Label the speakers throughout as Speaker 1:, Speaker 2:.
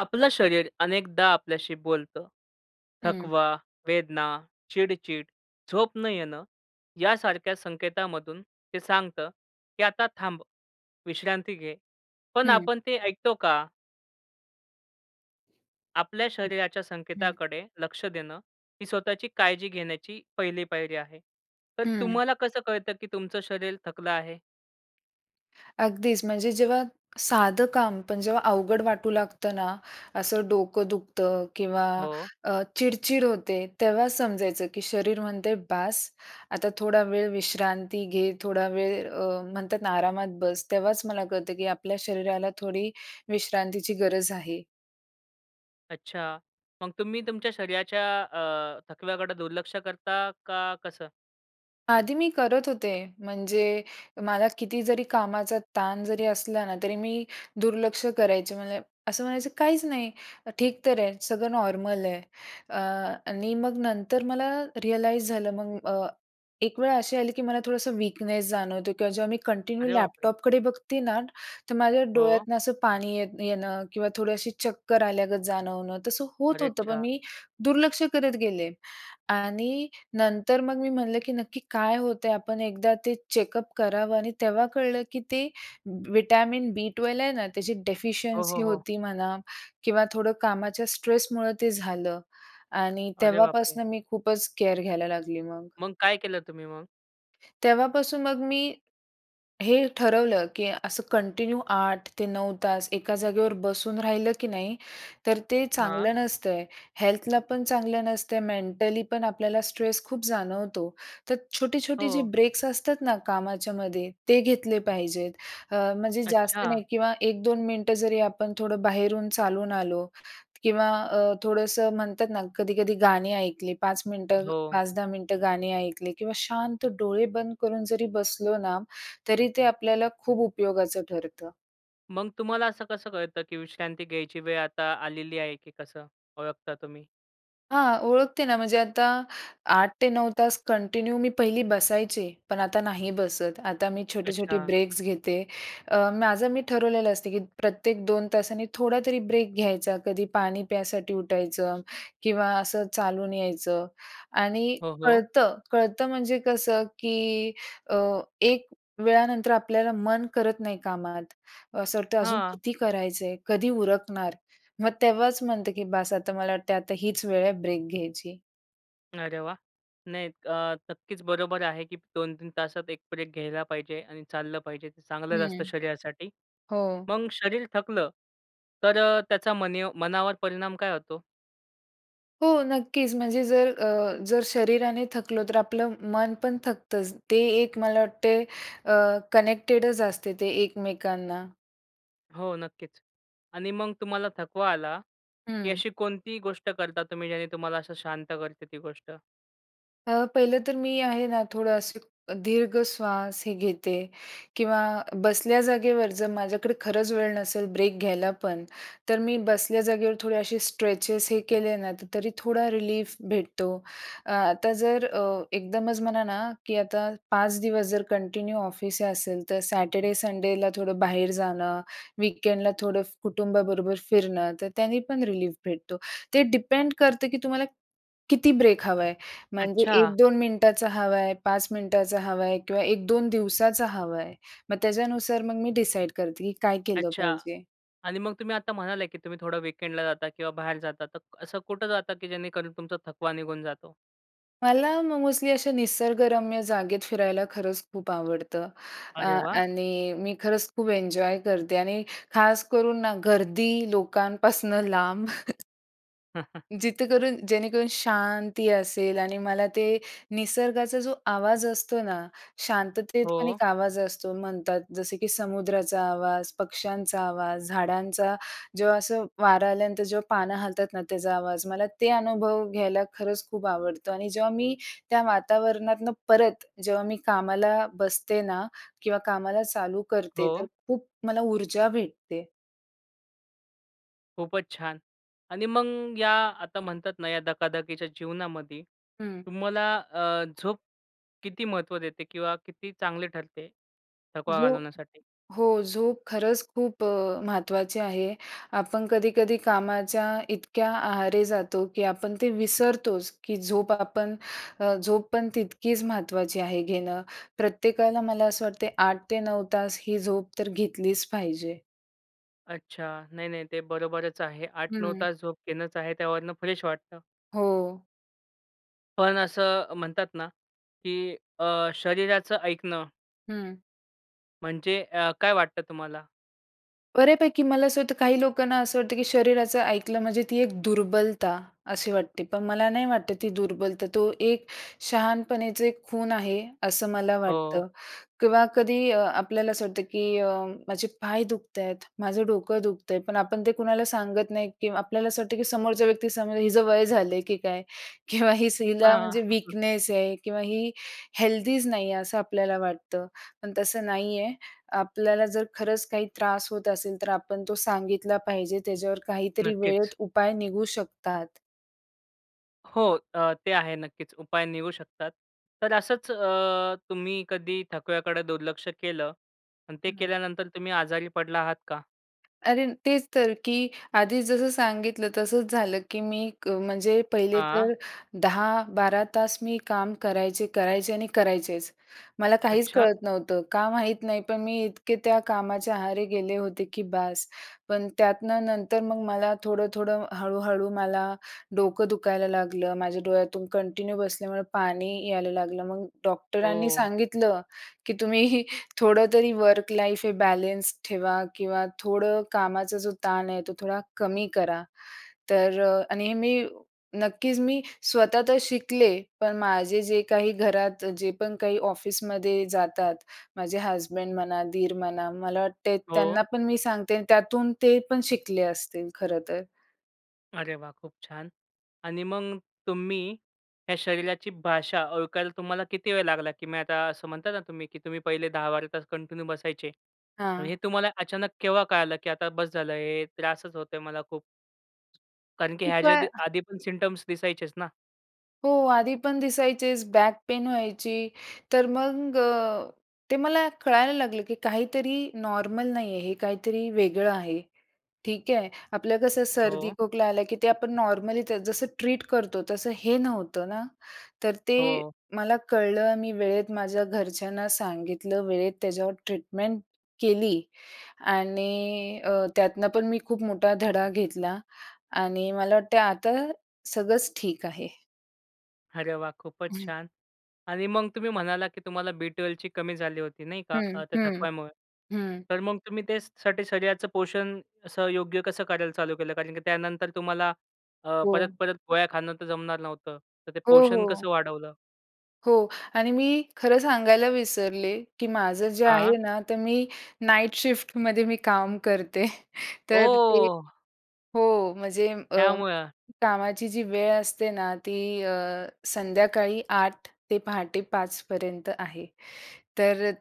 Speaker 1: आपलं शरीर अनेकदा आपल्याशी बोलतं.
Speaker 2: हं.
Speaker 1: थकवा, वेदना, चिडचिड, झोप न येणं यासारख्या संकेतामधून ते सांगतं, की आता थांब. विश्रांती घे, पण
Speaker 2: हं.
Speaker 1: आपण ते ऐकतो का? आपल्या शरीराच्या
Speaker 2: हं.
Speaker 1: संकेताकडे लक्ष देणं ही स्वतःची काळजी घेण्याची पहिली पायरी आहे. तर
Speaker 2: हं.
Speaker 1: तुम्हाला कसं कळतं, की तुमचं शरीर थकलं आहे?
Speaker 2: अगदीच. म्हणजे जेव्हा साधं काम पण जेव्हा अवघड वाटू लागतं ना, असं डोकं दुखतं किंवा
Speaker 1: हो.
Speaker 2: अ, चिडचिड होते. तेव्हा समजायचं, की शरीर म्हणते "बास, आता थोडा वेळ विश्रांती घे थोडा वेळ" अ, म्हणतात आरामात बस तेव्हाच मला कळतं, की आपल्या शरीराला थोडी विश्रांतीची गरज आहे.
Speaker 1: अच्छा. मग तुम्ही तुमच्या शरीराच्या अ, थकव्याकडे दुर्लक्ष करता का कसं?
Speaker 2: आधी मी करत होते, म्हणजे मला किती जरी कामाचा ताण जरी असला ना तरी मी दुर्लक्ष करायचे. मला असं म्हणायचं काहीच नाही ठीक तर आहे, सगळं नॉर्मल आहे अ, आणि मग नंतर मला रियलाइज झालं मग अ, एक वेळ अशी आली, की मला थोडंसं वीकनेस जाणवतो किंवा जेव्हा मी कंटिन्यू
Speaker 1: अरे बापरे!
Speaker 2: लॅपटॉपकडे बघते ना, तर माझ्या
Speaker 1: हो.
Speaker 2: डोळ्यातनं असं पाणी येत येणं किंवा थोडी अशी चक्कर आल्यागत जाणवणं, तसं होत होतं, पण
Speaker 1: अरेच्चा!
Speaker 2: मी दुर्लक्ष करत गेले. आणि नंतर मग मी म्हणलं, की नक्की काय होत आहे आपण एकदा ते चेकअप करावं. आणि तेव्हा कळलं, की ते विटॅमिन बी 12 आहे ना, त्याची
Speaker 1: हो, हो,
Speaker 2: डेफिशियन्सी
Speaker 1: हो.
Speaker 2: होती म्हणा किंवा थोडं कामाच्या स्ट्रेसमुळं ते झालं आणि
Speaker 1: अरे बापरे!
Speaker 2: तेव्हापासून मी खूपच केअर घ्यायला लागली मग.
Speaker 1: मग काय केलं तुम्ही मग?
Speaker 2: तेव्हापासून मग मी हे ठरवलं, की असं कंटिन्यू 8-9 तास एका जागेवर बसून राहिलं की नाही, तर ते
Speaker 1: हां.
Speaker 2: चांगलं नसतय. हेल्थला पण चांगलं नसतय, मेंटली पण आपल्याला स्ट्रेस खूप जाणवतो. तर छोटी-छोटी जी
Speaker 1: हो.
Speaker 2: ब्रेक्स असतात ना कामाच्यायामध्ये, ते घेतले पाहिजेत. म्हणजे जास्त
Speaker 1: अच्छा!
Speaker 2: नाही किंवा 1-2 मिनिटं जरी आपण थोडं बाहेरून चालून आलो किंवा अ, थोडंसं म्हणतात ना, कधी-कधी गाणी ऐकले 5 मिनिटं,
Speaker 1: हो.
Speaker 2: 5-10 मिनिटं गाणी ऐकले किंवा शांत डोळे बंद करून, जरी बसलो ना तरी ते आपल्याला खूप उपयोगाचं ठरतं.
Speaker 1: मग तुम्हाला असं कसं कळतं की विश्रांती घ्यायची वेळ आता आलेली आहे, की कसं ओळखता तुम्ही?
Speaker 2: हां. ओळखते ना म्हणजे आता 8-9 तास कंटिन्यू मी पहिली बसायचे, पण आता नाही बसत. आता मी छोटे-छोटे
Speaker 1: अच्छा.
Speaker 2: ब्रेक्स घेते. अ, माझं मी ठरवलेलं असतं, की प्रत्येक 2 तासांनी थोडातरी ब्रेक घ्यायचा. कधी पाणी प्यायसाठी उठायचं किंवा असं चालून यायचं आणि
Speaker 1: हो, हो.
Speaker 2: कळतं, कळतं म्हणजे कसं की अ, एक वेळानंतर आपल्याला मन करत नाही कामात. असं वाटतं अजून
Speaker 1: हां.
Speaker 2: किती करायचंय, कधी उरकणार? मग तेव्हाच म्हणते की बास आता मला वाटतं आता हीच वेळ आहे ब्रेक घ्यायची.
Speaker 1: अरे वाह! नाही अ, नक्कीच बरोबर आहे, की 2-3 तासात 1 ब्रेक घ्यायला पाहिजे आणि चाललं पाहिजे ते चांगलंच
Speaker 2: हं,
Speaker 1: असतं शरीरासाठी.
Speaker 2: हो.
Speaker 1: मग शरीर थकलं, तर त्याचा मनीव मनावर परिणाम काय होतो?
Speaker 2: हो, नक्कीच. म्हणजे जर अ, जर शरीराने थकलो, तर आपलं मन पण थकतंच. ते एक मला वाटते, अ, कनेक्टेडच असते ते एकमेकांना.
Speaker 1: हो, नक्कीच. आणि मग तुम्हाला थकवा आला, की
Speaker 2: हं.
Speaker 1: अशी कोणतीही गोष्ट करता तुम्ही ज्याने तुम्हाला असं शांत करते ती गोष्ट?
Speaker 2: अ, पहिलं तर मी आहे ना, थोडं असं दीर्घ श्वास हे घेते. किंवा बसल्या जागेवर जर माझ्याकडे खरंच वेळ नसेल ब्रेक घ्यायला पण, तर मी बसल्या जागेवर थोडे असे स्ट्रेचेस हे केले ना, तरी थोडा रिलीफ भेटतो. अ, आता जर अ, एकदमच म्हणा ना, की आता 5 दिवस जर कंटिन्यू ऑफिस असेल तर सॅटरडे, संडेला थोडं बाहेर जाणं, वीकेंडला थोडं फ् कुटुंबाबरोबर फिरणं, तर त्यांनी पण रिलीफ भेटतो. ते डिपेंड करते की तुम्हाला, किती ब्रेक हवा आहे, म्हणजे एक
Speaker 1: अच्छा.
Speaker 2: दोन मिनिटाचा हवा आहे, 5 मिनिटाचा हवा आहे किंवा 1-2 दिवसाचा हवा आहे. मग त्याच्यानुसार मग मी डिसाईड करते की काय केलं
Speaker 1: अच्छा
Speaker 2: पाहिजे.
Speaker 1: आणि मग तुम्ही आता म्हणाले, की तुम्ही थोडं वीकेंडला जाता किंवा बाहेर जाता, तर असं कुठं जाता की जेणेकरून तुमचा थकवा निघून जातो?
Speaker 2: मला मग मोस्टली अशा निसर्गरम्य जागेत फिरायला खरंच खूप आवडतं अ,
Speaker 1: अरे वाह!
Speaker 2: आणि मी खरंच खूप एन्जॉय करते आणि खास करून गर्दी लोकांपासनं लांब. जिथंकरून जेणेकरून शांती असेल आणि मला ते निसर्गाचा जो आवाज असतो ना, शांततेत पण
Speaker 1: हो.
Speaker 2: एक आवाज असतो म्हणतात. जसे की समुद्राचा आवाज, पक्ष्यांचा आवाज, झाडांचा जेव्हा असं वारा आल्यानंतर जेव्हा पानं हालतात ना त्याचा आवाज, मला ते अनुभव घ्यायला खरंच खूप आवडतं आणि जेव्हा मी त्या वातावरणातनं परत जेव्हा मी कामाला बसते ना किंवा कामाला चालू करते तर
Speaker 1: हो.
Speaker 2: खूप मला ऊर्जा भेटते.
Speaker 1: खूपच छान आणि मग या आता म्हणतात ना, या धकाधकीच्या जीवनामध्ये
Speaker 2: हं.
Speaker 1: तुम्हाला अ, झोप किती महत्त्व देते? किंवा किती चांगली ठरते थकवा
Speaker 2: झोप
Speaker 1: घालवण्यासाठी?
Speaker 2: हो, झोप खरंच खूप अ, महत्त्वाची आहे. आपण कधी-कधी कामाच्या इतक्या आहारी जातो. की आपण ते विसरतोच की झोप आपण अ. झोप पण तितकीच महत्त्वाची आहे घेणं. प्रत्येकाला मला असं वाटते 8 ते 9 तास ही झोप तर घेतलीच पाहिजे.
Speaker 1: अच्छा. नाही, नाही ते बरोबरच आहे. 8-9
Speaker 2: हं.
Speaker 1: तास झोप घेणंच आहे. त्यावरनं फ्रेश वाटतं.
Speaker 2: हो.
Speaker 1: पण असं म्हणतात ना की अ, शरीराचं ऐकणं
Speaker 2: हं.
Speaker 1: म्हणजे अ, काय वाटतं तुम्हाला?
Speaker 2: बऱ्यापैकी मला असं होतं काही लोकांना असं वाटतं, की शरीराचं ऐकलं म्हणजे ती एक दुर्बलता अशी वाटते. पण मला नाही वाटतं ती दुर्बलता. तो एक शहाणपणेचे खूण आहे, असं मला
Speaker 1: हो.
Speaker 2: वाटतं किंवा कधी अ, आपल्याला अ, असं वाटतं की अ, माझे पाय दुखतायत, माझं डोकं दुखतंय, पण आपण ते कुणाला सांगत नाही, की आपल्याला असं वाटतं, की समोरच्या व्यक्ती समजेल, हिचं वय झालं की काय किंवा ही हिला
Speaker 1: हां,
Speaker 2: म्हणजे
Speaker 1: हं, हं.
Speaker 2: वीकनेस आहे किंवा ही हेल्दीच नाही आहे, असं आपल्याला वाटतं. पण तसं नाही आहे. आपल्याला जर खरंच काही त्रास होत असेल, तर आपण तो सांगितला पाहिजे. त्याच्यावर काहीतरी वेळेत
Speaker 1: नक्कीच.
Speaker 2: उपाय निघू शकतात.
Speaker 1: हो. ते आहे नक्कीच. उपाय निघू शकतात. तर असंच अ, तुम्ही कधी थकव्याकडे दुर्लक्ष केलं आणि ते केल्यानंतर
Speaker 2: [unintelligible]
Speaker 1: तुम्ही आजारी पडला आहात का?
Speaker 2: अरे तेच तर, की आधीच जसं सांगितलं तसंच झालं की मी क म्हणजे पहिले तर
Speaker 1: हां.
Speaker 2: 10, 12 तास मी काम करायचे, करायचे आणि करायचेच. मला काहीच
Speaker 1: अच्छा!
Speaker 2: कळत नव्हतं. का माहित नाही, पण मी इतके त्या कामाच्या आहारी गेले होते की बास. पण त्यातनं नंतर मग मला थोडं-थोडं, हळू-हळू, मला डोकं दुखायला लागलं. माझ्या डोळ्यातून कंटिन्यू बसल्यामुळं पाणी यायला लागलं. मग डॉक्टरांनी
Speaker 1: ओह!
Speaker 2: सांगितलं की तुम्ही थोडं तरी वर्क लाईफ हे बॅलेन्स ठेवा किंवा थोडं कामाचा जो ताण आहे, तो थोडा कमी करा. तर अ, आणि हे मी नक्कीच मी स्वतः तर शिकले, पण माझे जे काही घरात जे पण काही ऑफिसमध्ये जातात माझे हसबंड म्हणा, दीर म्हणा, मला वाटते
Speaker 1: हो.
Speaker 2: त्यांना पण मी सांगते अन् त्यातून ते पण शिकले असतील खरंतर.
Speaker 1: अरे वाह! खूप छान. आणि मग तुम्ही या शरीराची भाषा ओळखायला तुम्हाला किती वेळ लागला, की मी आता असं म्हणताय ना तुम्ही, की तुम्ही पहिले 10-12 तास कंटिन्यू बसायचे, मग
Speaker 2: हां.
Speaker 1: हे तुम्हाला अचानक केव्हा कळलं, की आता बस झालं हे त्रासच होतोय मला खूप. कारण की
Speaker 2: खूप
Speaker 1: ह्याच्या आधी
Speaker 2: वेळा
Speaker 1: आधी पण सिम्प्टम्ज़ दिसायचेच ना?
Speaker 2: हो आधी पण दिसायचेस, बॅक पेन व्हायची, तर मग अ, ते मला कळायला लागलं, की काहीतरी नॉर्मल नाही आहे, हे काहीतरी वेगळं आहे, ठीक आहे? आपलं कसं
Speaker 1: हो.
Speaker 2: सर्दी-खोकला आला, की ते आपण नॉर्मली ते जसं ट्रीट करतो, तसं हे नव्हतं ना. तर ते
Speaker 1: हो.
Speaker 2: मला कळलं अ, मी वेळेत माझ्या घरच्यांना सांगितलं वेळेत त्याच्यावर ट्रीटमेंट केली आणि अ, त्यातनं पण मी खूप मोठा धडा घेतला आणि मला वाटतं आहे आता सगळंच ठीक आहे.
Speaker 1: अरे वाह! खूपच
Speaker 2: हं.
Speaker 1: छान आणि मग तुम्ही म्हणालात की तुम्हाला बी12ची कमी झाली होती, नाही का,
Speaker 2: हं.
Speaker 1: अ, त्या
Speaker 2: हं.
Speaker 1: थकवायामुळे.
Speaker 2: हं.
Speaker 1: तर मग तुम्ही त्यासाठी, शरीराचं पोषण असं योग्य कसं करायला चालू केलं, कारण की त्यानंतर तुम्हाला अ,
Speaker 2: हो.
Speaker 1: परत-परत पोळ्या खाणं तर जमणार नव्हतं. तर ते
Speaker 2: हो,
Speaker 1: पोषण
Speaker 2: हो.
Speaker 1: कसं वाढवलं?
Speaker 2: हो आणि मी खरं सांगायला विसरले, की माझं जे
Speaker 1: हां.
Speaker 2: आहे ना, तर मी नाईट शिफ्टमध्ये मी काम करते, तर ते
Speaker 1: ओह!
Speaker 2: हो म्हणजे अ,
Speaker 1: त्यामुळं.
Speaker 2: कामाची जी वेळ असते ना, ती अ, संध्याकाळी 8:00 ते पहाटे 5:00 पर्यंत आहे. तर अ,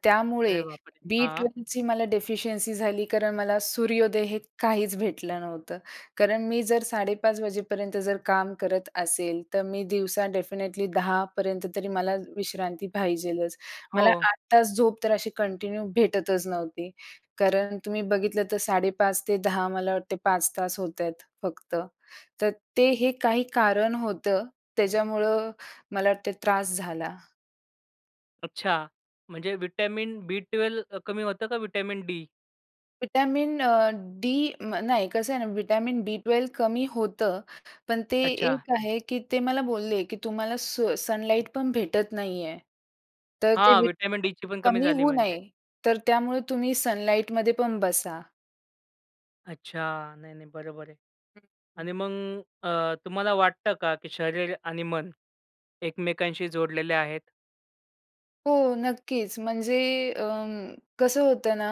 Speaker 1: अरे
Speaker 2: त्यामुळे
Speaker 1: बापरे!
Speaker 2: बी
Speaker 1: हां.
Speaker 2: ट्वेलची मला डेफिशियन्सी झाली कारण मला सूर्योदय हे काहीच भेटलं नव्हतं. कारण मी जर 5:30 वाजेपर्यंत जर काम करत असेल, तर मी दिवसा डेफिनेटली 10:00 पर्यंत तरी मला विश्रांती पाहिजेच. मला
Speaker 1: हो.
Speaker 2: 8 तास झोप तर अशी कंटिन्यू भेटतच नव्हती. कारण तुम्ही बघितलं तर 5:30 ते 10:00 मला वाटते 5 तास होत आहेत, फक्त. तर ते हे काही कारण होतं त्याच्यामुळं मला वाटते त्रास झाला.
Speaker 1: अच्छा. म्हणजे व्हिटॅमिन बी-ट्वेल्व्ह अ, कमी होतं का व्हिटॅमिन डी?
Speaker 2: व्हिटॅमिन अ, डी म नाही, कसं आहे ना, व्हिटॅमिन बीट्वेल्व कमी होतं, पण ते
Speaker 1: अच्छा.
Speaker 2: एक आहे, की ते मला बोलले की तुम्हाला सो सनलाइट पण भेटत नाही आहे. तर ते
Speaker 1: हां,
Speaker 2: व्हि
Speaker 1: व्हिटॅमिन डीची पण कमी
Speaker 2: कमी
Speaker 1: झाली
Speaker 2: होऊ
Speaker 1: म्हणजे.
Speaker 2: नये, तर त्यामुळं तुम्ही सनलाइटमध्ये पण बसा.
Speaker 1: अच्छा! नाही, नाही. बरोबर आहे.
Speaker 2: हं, हं.
Speaker 1: आणि मग अ, तुम्हाला वाटतं का, की शरीर आणि मन एकमेकांशी जोडलेले आहेत?
Speaker 2: हो. नक्कीच, म्हणजे अं, कसं होतं ना,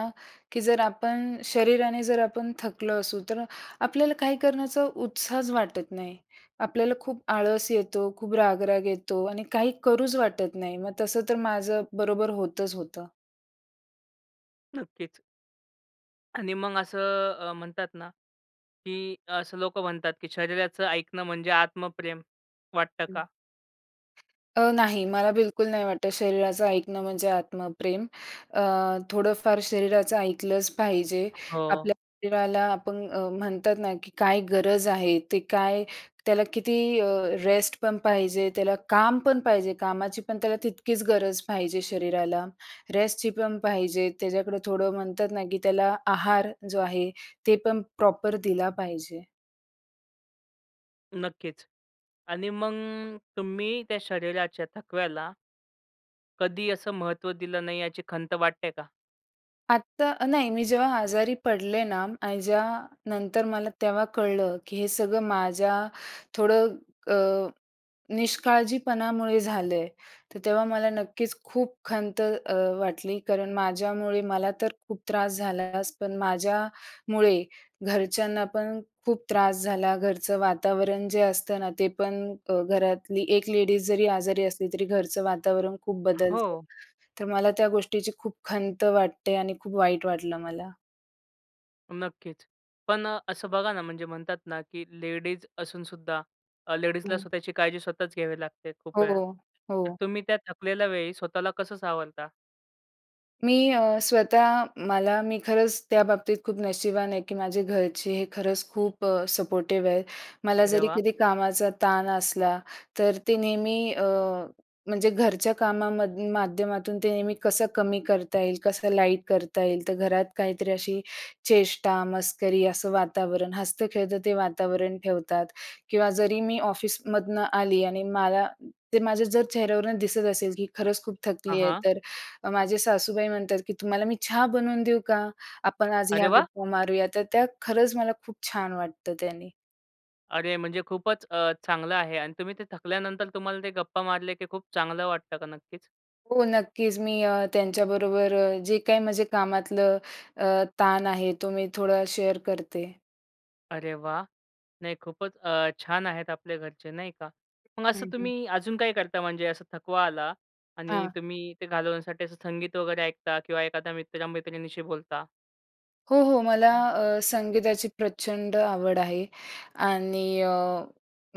Speaker 2: की जर आपण शरीराने जर आपण थकलो असू तर आपल्याला काही करण्याचा उत्साहच वाटत नाही. आपल्याला खूप आळस येतो, खूप राग-राग येतो आणि काही करूच वाटत नाही. मग तसं तर माझं बरोबर होतंच होतं.
Speaker 1: नक्कीच. आणि मग असं अ, म्हणतात ना, की असं लोकं म्हणतात की शरीराचं ऐकणं म्हणजे आत्मप्रेम वाटतं का?
Speaker 2: अ, नाही, मला बिलकुल नाही वाटतं शरीराचं ऐकणं म्हणजे आत्मप्रेम. अ, थोडंफार शरीराचं ऐकलंच पाहिजे.
Speaker 1: हो.
Speaker 2: आपल्या शरीराला आपण म्हणतात ना, की काय गरज आहे ते काय त्याला किती अ, रेस्ट पण पाहिजे. त्याला काम पण पाहिजे. कामाची पण त्याला तितकीच गरज पाहिजे शरीराला. रेस्टची पण पाहिजे. त्याच्याकडं थोडं म्हणतात ना, की त्याला आहार जो आहे ते पण प्रॉपर दिला पाहिजे.
Speaker 1: नक्कीच. आणि मग तुम्ही त्या शरीराच्या थकव्याला कधी असं महत्त्व दिलं नाही याची खंत वाटते का?
Speaker 2: आत्ता नाही, मी जेव्हा आजारी पडले ना, आणि ज्या नंतर मला तेव्हा कळलं की हे सगळं माझ्या थोडं अ, निष्काळजीपणामुळे झालं आहे तर तेव्हा मला नक्कीच खूप खंत अ, वाटली, कारण माझ्यामुळे मला तर खूप त्रास झालाच, पण माझ्यामुळे घरच्यांना पण खूप त्रास झाला. घरचं वातावरण जे असतं ना, ते पण अ, घरातली एक लेडीज जरी आजारी असली तरी घरचं वातावरण खूप बदलतं.
Speaker 1: हो.
Speaker 2: तर मला त्या गोष्टीची खूप खंत वाटते, आणि खूप वाईट वाटलं मला.
Speaker 1: नक्कीच. पण असं बघा ना, म्हणजे म्हणतात ना, की लेडीज असून सुद्धा अ, लेडीजला
Speaker 2: हं.
Speaker 1: स्वतःची काळजी स्वतःच घ्यावी लागते खूप वेळा.
Speaker 2: हो,
Speaker 1: तर
Speaker 2: हो.
Speaker 1: तुम्ही त्या थकलेल्या वेळी स्वतःला कसं सावरता?
Speaker 2: मी अ, स्वतः मला मी खरंच त्याबाबतीत खूप नशिबवान आहे, की माझे घरचे हे खरंच खूप अ, सपोर्टिव्ह आहेत. मला
Speaker 1: अरे
Speaker 2: जरी
Speaker 1: वा!
Speaker 2: कधी कामाचा ताण असला, तर ते नेहमी अ, म्हणजे घरच्या कामामधून माध्यमातून ते नेहमी कसं कमी करता येईल, कसं लाईट करता येईल, तर घरात काहीतरी अशी चेष्टा-मस्करी असं वातावरण, हसतं-खेळतं ते वातावरण ठेवतात. किंवा जरी मी ऑफिसमधून आली आणि मला ते माझ्या जर चेहऱ्यावरून दिसत असेल, की खरंच खूप
Speaker 1: हां,
Speaker 2: थकली आहे,
Speaker 1: हां.
Speaker 2: तर माझ्या सासूबाई म्हणतात की, "तुम्हाला मी चहा बनवून देऊ का? आपण आज
Speaker 1: अरे
Speaker 2: ह्या
Speaker 1: वा!
Speaker 2: गप्पा मारूया." तर त्या खरंच मला खूप छान वाटतं त्यांनी.
Speaker 1: अरे, म्हणजे खूपचं अ, चांगलं आहे आणि तुम्ही ते थकल्यानंतर तुम्हाला ते गप्पा मारल्या की खूप चांगलं वाटतं का नक्कीच?
Speaker 2: हो, नक्कीच, मी अ, त्यांच्याबरोबर अ, जे काही माझे कामातलं अ, ताण आहे, तो मी थोडा शेअर करते.
Speaker 1: अरे वाह! नाही खूपचं अ, छान आहेत आपले घरचे, नाही का. मग
Speaker 2: हं,
Speaker 1: असं
Speaker 2: हं.
Speaker 1: तुम्ही अजून काही करता म्हणजे असं थकवा आला आणि
Speaker 2: हां.
Speaker 1: तुम्ही ते घालवण्यासाठी असं संगीत वगैरे ऐकता किंवा एखाद्या मित्रमैत्रिणीशी बोलता?
Speaker 2: हो, हो. मला अ, संगीताची प्रचंड आवड आहे. आणि अ,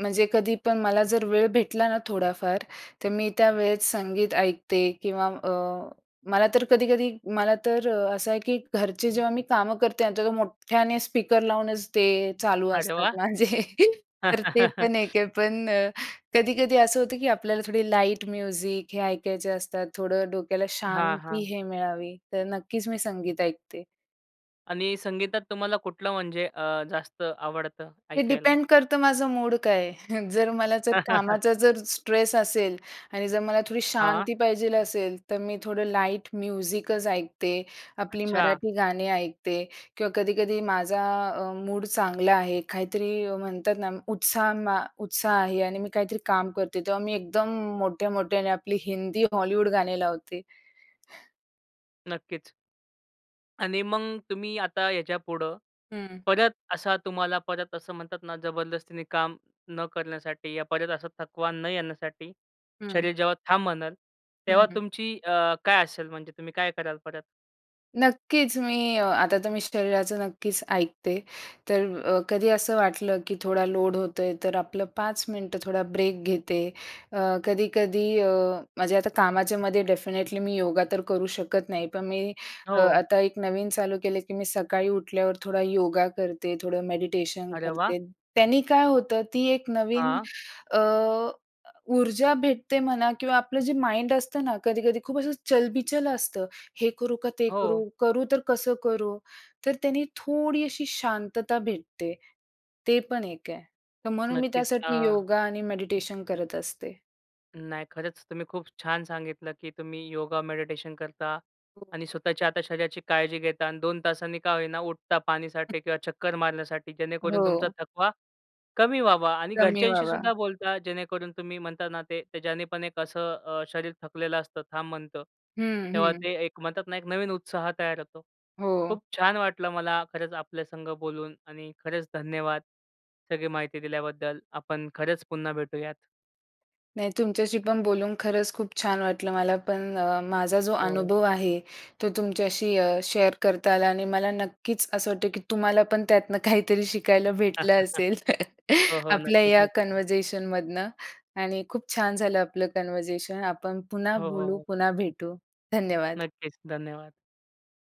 Speaker 2: म्हणजे कधी पण मला जर वेळ भेटला ना थोडाफार, तर मी त्यावेळेस संगीत ऐकते किंवा अ, मला तर कधी-कधी मला तर असं आहे की घरचे जेव्हा मी कामं करते ना, तर मोठ्याने स्पीकर लावूनचं ते चालू
Speaker 1: अरे
Speaker 2: असतात
Speaker 1: वाह!
Speaker 2: माझे. तर ते पण एक आहे, पण कधी कधी असं होतं की आपल्याला थोडी लाईट म्युझिक हे ऐकायचे असतात. थोडं डोक्याला
Speaker 1: हां,
Speaker 2: शांती
Speaker 1: हां.
Speaker 2: हे मिळावी, तर नक्कीचं मी संगीत ऐकते.
Speaker 1: आणि संगीतात तुम्हाला कुठलं म्हणजे, अ, जास्त आवडतं
Speaker 2: ते
Speaker 1: ऐकायला?
Speaker 2: डिपेंड करतं माझं मूड काय आहे. जर मला जर कामाचा जर स्ट्रेस असेल आणि जर मला थोडी
Speaker 1: हां, हां.
Speaker 2: शांती पाहिजे असेल, तर मी थोडं लाईट म्युझिकचं ऐकते, आपली
Speaker 1: अच्छा.
Speaker 2: मराठी गाणे ऐकते किंवा कधी-कधी माझा अ, मूड चांगला आहे काहीतरी अ, म्हणतात ना, उत्साह मा उत्साह आहे आणि मी काहीतरी काम करते. तेव्हा मी एकदम मोठ्या मोठ्याने आपली हिंदी, हॉलिवूड गाणे लावते.
Speaker 1: नक्कीच. आणि मग तुम्ही आता याच्यापुढं
Speaker 2: हं.
Speaker 1: परत असा तुम्हाला परत असं म्हणतात ना जबरदस्तीने काम न करण्यासाठी या परत असा थकवा न येण्यासाठी
Speaker 2: हं.
Speaker 1: शरीर जेव्हा थांब म्हणल
Speaker 2: हं,
Speaker 1: तेव्हा
Speaker 2: हं.
Speaker 1: तुमची अ, काय असेल म्हणजे तुम्ही काय कराल परत?
Speaker 2: नक्कीच. मी अ, आता तर मी शरीराचं नक्कीच ऐकते. तर अ, कधी असं वाटलं की थोडा लोड होत आहे तर आपलं 5 मिनिटं थोडा ब्रेक घेते. अ, कधी-कधी अ, म्हणजे आता कामाच्यामध्ये डेफिनेटली मी योगा तर करू शकत नाही पण मी अ,
Speaker 1: हो.
Speaker 2: आता एक नवीन चालू केलं, की मी सकाळी उठल्यावर थोडा योगा करते, थोडं मेडिटेशन
Speaker 1: अरे वाह!
Speaker 2: करते. त्यांनी काय होतं ती एक नवीन
Speaker 1: हां.
Speaker 2: अ, ऊर्जा भेटते म्हणा किंवा आपलं जे माइंड असतं ना, कधी-कधी खूप असं चलबिचल असतं, हे करू का ते करू?
Speaker 1: हो.
Speaker 2: करू तर कसं करू? तर त्याने थोडी अशी शांतता भेटते ते पण एक आहे, तर म्हणून मी
Speaker 1: नक्कीच अ
Speaker 2: त्यासाठी योगा आणि मेडिटेशन करत असते.
Speaker 1: नाही, खरंच तुम्ही खूप छान सांगितलं की तुम्ही योगा मेडिटेशन करता
Speaker 2: हो.
Speaker 1: आणि स्वतःच्या आता शरीराची काळजी घेता आणि 2 तासांनी का होई ना उठता पाणीसाठी किंवा चक्कर मारण्यासाठी जेणेकरून तुमचा
Speaker 2: हो.
Speaker 1: थकवा कमी व्हावा आणि
Speaker 2: कमी
Speaker 1: घरच्यांशी
Speaker 2: व्हावा.
Speaker 1: सुद्धा बोलता जेणेकरून तुम्ही म्हणता ना ते, ते ज्याने पण एक असं अ, शरीर थकलेलं असतं थांब म्हणतं
Speaker 2: हं,
Speaker 1: तेव्हा
Speaker 2: हं.
Speaker 1: ते एक म्हणतात ना, एक नवीन उत्साह तयार होतो.
Speaker 2: हो.
Speaker 1: खूप छान वाटलं मला खरंच आपल्यासंग बोलून आणि खरंच धन्यवाद सगळी माहिती दिल्याबद्दल, आपण खरंच पुन्हा भेटूयात.
Speaker 2: नाही तुमच्याशी पण बोलून खरंच खूप छान वाटलं मला पण अ, माझा जो
Speaker 1: हो.
Speaker 2: अनुभव आहे तो तुमच्याशी अ, शेअर करता आला आणि मला नक्कीच असं वाटतं की तुम्हाला पण त्यातनं काहीतरी शिकायला भेटलं असेल,
Speaker 1: हो, हो,
Speaker 2: आपल्या या
Speaker 1: नक्कीच-नक्कीच.
Speaker 2: कन्व्हर्सेशनमधनं आणि खूप छान झालं आपलं कन्व्हर्सेशन आपण पुन्हा
Speaker 1: हो, हो,
Speaker 2: बोलू,
Speaker 1: हो.
Speaker 2: पुन्हा भेटू. धन्यवाद.
Speaker 1: नक्कीच, धन्यवाद.